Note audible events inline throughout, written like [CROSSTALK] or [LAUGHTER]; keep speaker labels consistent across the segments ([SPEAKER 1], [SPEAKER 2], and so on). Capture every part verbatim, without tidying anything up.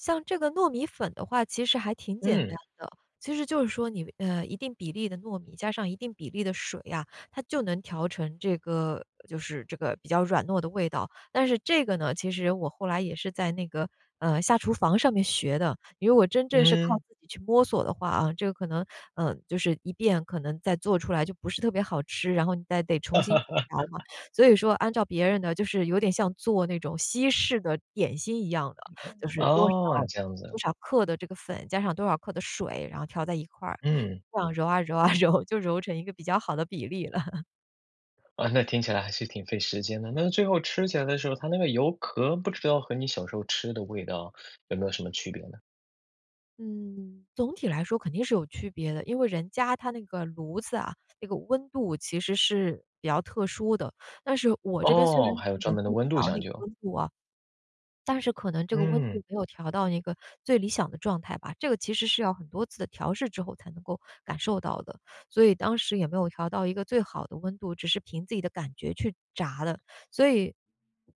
[SPEAKER 1] 像这个糯米粉的话其实还挺简单
[SPEAKER 2] 嗯。
[SPEAKER 1] 的，其实就是说你呃，一定比例的糯米，加上一定比例的水啊，它就能调成这个就是这个比较软糯的味道。但是这个呢，其实我后来也是在那个，呃，下厨房上面学的，因为我真正是靠
[SPEAKER 2] 嗯。
[SPEAKER 1] 自己去摸索的话，啊，这个可能嗯，就是一遍可能再做出来就不是特别好吃，然后你再得重新去调嘛，
[SPEAKER 2] [CHUCKLES]
[SPEAKER 1] 所以说按照别人的就是有点像做那种西式的点心一样的，就是多少
[SPEAKER 2] 哦，这样
[SPEAKER 1] 多
[SPEAKER 2] 子。
[SPEAKER 1] 少克的这个粉，加上多少克的水，然后调在一块儿，
[SPEAKER 2] 嗯。
[SPEAKER 1] 这样揉啊揉啊，揉，就揉成一个比较好的比例了。[CHUCKLES]
[SPEAKER 2] 啊，那听起来还是挺费时间的，那最后吃起来的时候，它那个油壳不知道和你小时候吃的味道 [SUCKS TEETH] 有没有什么区别呢？
[SPEAKER 1] 嗯，总体来说肯定是有区别的，因为人家他那个炉子啊，那个温度其实是比较特殊的，但是我这边虽然
[SPEAKER 2] 哦，还有
[SPEAKER 1] 是
[SPEAKER 2] 专
[SPEAKER 1] 能
[SPEAKER 2] 门
[SPEAKER 1] 够
[SPEAKER 2] 的温度
[SPEAKER 1] 调
[SPEAKER 2] 讲
[SPEAKER 1] 那个
[SPEAKER 2] 究。
[SPEAKER 1] 温度啊，但是可能这个温
[SPEAKER 2] 嗯。
[SPEAKER 1] 度没有调到一个最理想的状态吧，这个其实是要很多次的调试之后才能够感受到的，所以当时也没有调到一个最好的温度，只是凭自己的感觉去炸了。所以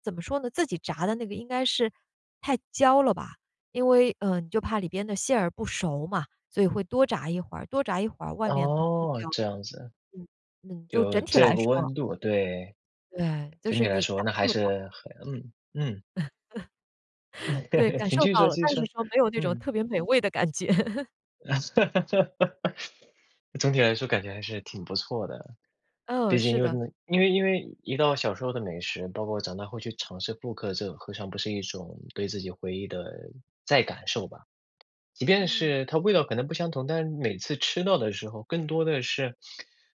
[SPEAKER 1] 怎么说呢，自己炸的那个应该是太焦了吧，因为嗯，就怕里边的馅儿不熟嘛，所以会多炸一会儿，多炸一会儿外面可能会焦。
[SPEAKER 2] 哦，这样子。
[SPEAKER 1] 嗯，嗯，就
[SPEAKER 2] 就
[SPEAKER 1] 整体
[SPEAKER 2] 这
[SPEAKER 1] 来
[SPEAKER 2] 个
[SPEAKER 1] 说。
[SPEAKER 2] 温度对。
[SPEAKER 1] 对，就
[SPEAKER 2] 整体
[SPEAKER 1] 是
[SPEAKER 2] 来
[SPEAKER 1] 你
[SPEAKER 2] 说
[SPEAKER 1] 感
[SPEAKER 2] 那还
[SPEAKER 1] 受到
[SPEAKER 2] 是很嗯，嗯。
[SPEAKER 1] [CHUCKLES] 对，感
[SPEAKER 2] [CHUCKLES] 你
[SPEAKER 1] 受
[SPEAKER 2] 继续
[SPEAKER 1] 到
[SPEAKER 2] 说
[SPEAKER 1] 了，
[SPEAKER 2] 继续
[SPEAKER 1] 但是
[SPEAKER 2] 说，
[SPEAKER 1] 说没有那种
[SPEAKER 2] 嗯。
[SPEAKER 1] 特别美味的感觉。[CHUCKLES]
[SPEAKER 2] [LAUGHS] 总体来说感觉还是挺不错的，毕
[SPEAKER 1] 嗯，
[SPEAKER 2] 竟
[SPEAKER 1] 是
[SPEAKER 2] 因为
[SPEAKER 1] 的。
[SPEAKER 2] 真的因为因为一道小时候的美食，包括长大后去尝试复刻，这何尝不是一种对自己回忆的再感受吧。即便
[SPEAKER 1] 嗯。
[SPEAKER 2] 是它味道可能不相同，但每次吃到的时候，更多的是，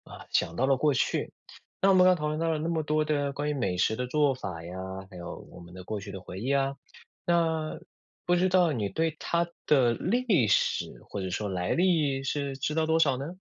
[SPEAKER 2] 啊，想到了过去，那我们刚刚讨论到了那么多的关于美食的做法呀，还有我们的过去的回忆啊，那不知道你对它的历史或者说来历是知道多少呢？